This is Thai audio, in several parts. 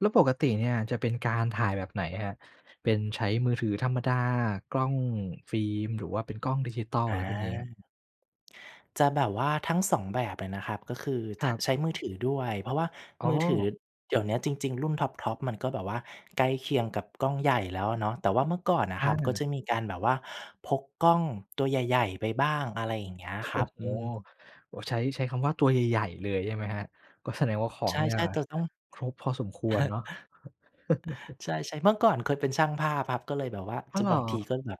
แล้วปกติเนี่ยจะเป็นการถ่ายแบบไหนครับ เป็นใช้มือถือธรรมดา กล้องฟิล์ม หรือว่าเป็นกล้องดิจิทัล อะไรพวกนี้ครับ? อา จะแบบว่าทั้งสองแบบเลยนะครับก็คือ คท รับ ใช้มือถือด้วย เพราะว่าอ๋อ มือถือเดี๋ยวนี้จริง ๆ รุ่นท็อป ๆ มันก็แบบว่าใกล้เคียงกับกล้องใหญ่แล้วอะเนาะ แต่ว่าเมื่อก่อนนะอครับ ก็า จะมีการแบบว่าพกกล้องตัวใหญ่ ๆ ไปบ้าง อะไรอย่างเงี้ยโอ้คโรับ ฮ อืม โอ้ ใช้ ใช้คำว่าตัวใหญ่ ๆ เลยใช่ไหมครับ? ก็แสดงว่าขอใชงเนี่ย่ ๆ แต่ต้อง ครบพอสมควรเนาะ ใช่ ๆ เมื่อก่อนเคยเป็นช่างภาพครับ ก็เลยแบบว่าอ้จะบางทีอ ก็แบบ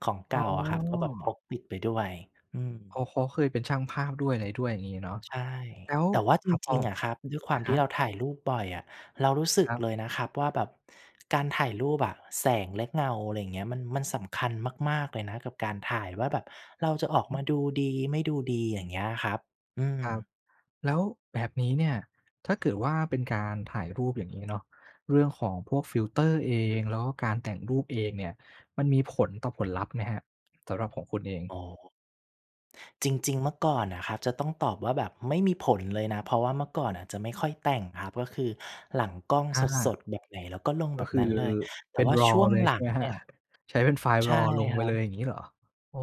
ของเกอ๋่าอะครับ ก็แบบพอ กติดไปด้วย อืม เขา เขาเคยเป็นช่างภาพด้วย อะไรด้วยอย่างงี้เนาะ ใช่ แล้ว แต่ว่าจครับพริอ ง ๆ อะครับ ด้วยคอวาะมฮทีะ ่เราถ่ายรูปบ่อยอะ เรารู้สึคกรับ เลยนะครับว่าแบบการถ่ายรูปอะ แสงและเงา อะไรอย่างเงี้ย มัน มันสำคัญมาก ๆ เลยนะ กับการถ่ายว่าแบบเราจะออกอือฮึ มาดูดี ไม่ดูดี อย่างเงี้ยครับ อืคม รับ แล้วแบบนี้เนี่ย ถ้าเกิดว่าเป็นการถ่ายรูปอย่างนี้เนาะ เรื่องของพวกฟิลเตอร์เอง แล้วก็การแต่งรูปเองเนี่ย มันมีผลต่อผลลัพธ์ไหมครับ? สำหรับของคุณเอง อ๋อ จริง ๆ เมื่อก่อนอะครับ จะต้องตอบว่าแบบไม่มีผลเลยนะ เพราะว่าเมื่อก่อนอะจะไม่ค่อยแต่งครับ ก็คือหลังกล้องอสา ด ๆ แบบไหนแล้วก็ลงกแ็บบคืนั้อนเลย แตเ่ป็น ว่าชraw ่วงเลย หลใชั่ไงหมคเรนัีบ? ่ย ใช้เป็นไฟล์ ใช่raw ลงคไปรัเลยบ อย่างงี้เหรอ? โอ้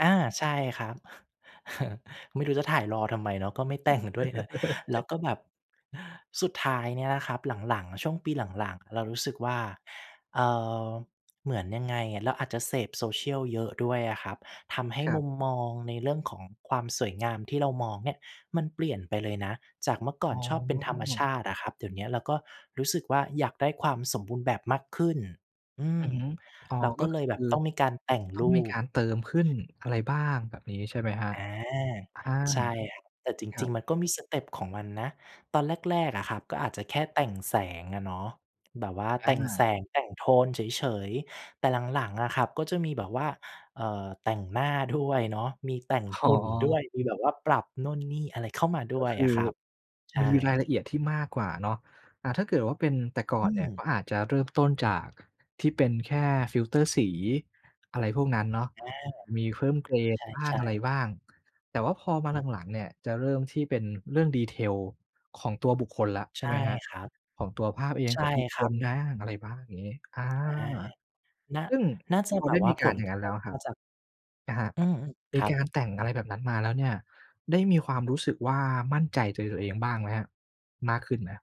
อา ใช่ครับ ไม่รู้จะถ่าย raw ทำไมเนาะ ก็ไม่ แต่งด้วยเนอะ แล้วก็แบบ สุดท้ายเนี่ยนะครับ หลัง ๆ ช่วงปีหลัง ๆ เรารู้สึกว่า เออ เหมือนยังไงอะ เราอาจจะเสพโซเชียลเยอะด้วยอะครับ ทำให้ครัมบ ุมมองในเรื่องของความสวยงาม ที่เรามองเนี่ยมันเปลี่ยนไปเลยนะ จากเมื่อกอ่๋ออ นชอบเป็นธรรมชาติอะครับ เดี๋ยวเนี้ยเราก็รู้สึกว่าอยากได้ความสมบูรณ์แบบมากขึ้น อือือม ฮึ อ๋อ เรากก็็เลคยืแอบบต้องมีการแต่งต้อรงูมีกป ารเติมขึ้น อะไรบ้างแบบนี้ใช่ไหมครับ? อา อา ใช่ แต่จครัริง บ ๆ มันก็มีสเตปของมันนะ ตอนแรก ๆ อะครับ ก็อาจจะแค่แต่งแสงอะเนาะ แบบว่าอแต่งแสา ง แต่งโทนเฉย ๆ แต่หลัง ๆ อะครับ ก็จะมีแบบว่า เอ่อ แต่งหน้า ด้วย เนาะ มีแต่งอ๋หุ่นด้อ วย มีแบบว่าปรับนู่นนี่อะไรเข้ามาด้ก็วยคอืะอครับ ใช่ มีรายละเอียดที่มากกว่าเนาะ อ่า ถ้าเกิดว่าเป็นแต่ก่ออืนเนี่ย ก็ม อาจจะเริ่มต้นจาก ค ที่เป็นแค่ฟิลเตอร์สี อะไรพวกนั้นเนาะ อา มีเพิ่ม เกรนบ้าใชง่ อะไรๆ บ้าง แต่ว่าพอมาอืม หลัง ๆ เนี่ย จะเริ่มที่เป็นเรื่อง detail ของตัวบุคคลละ ใชใช่ไ่หมครับ ครับ ของตัวภาพเอง ใช่ของบุคคครัลบ บ้าง อะไรบ้างอย่างนี้ อา อา น่า ซึ่งน่าจะพอแบได้บว่มาีกผารลอย่ากงรนัะ้นทแล้บวครมับ าจาก นะครับ อืม มคีรักาบ รแต่งอะไรแบบนั้นมาแล้วเนี่ย ได้มีความรู้สึกว่ามั่นใจตัว ตัวเองบ้างไหมครับ มากขึ้นไหมครับ?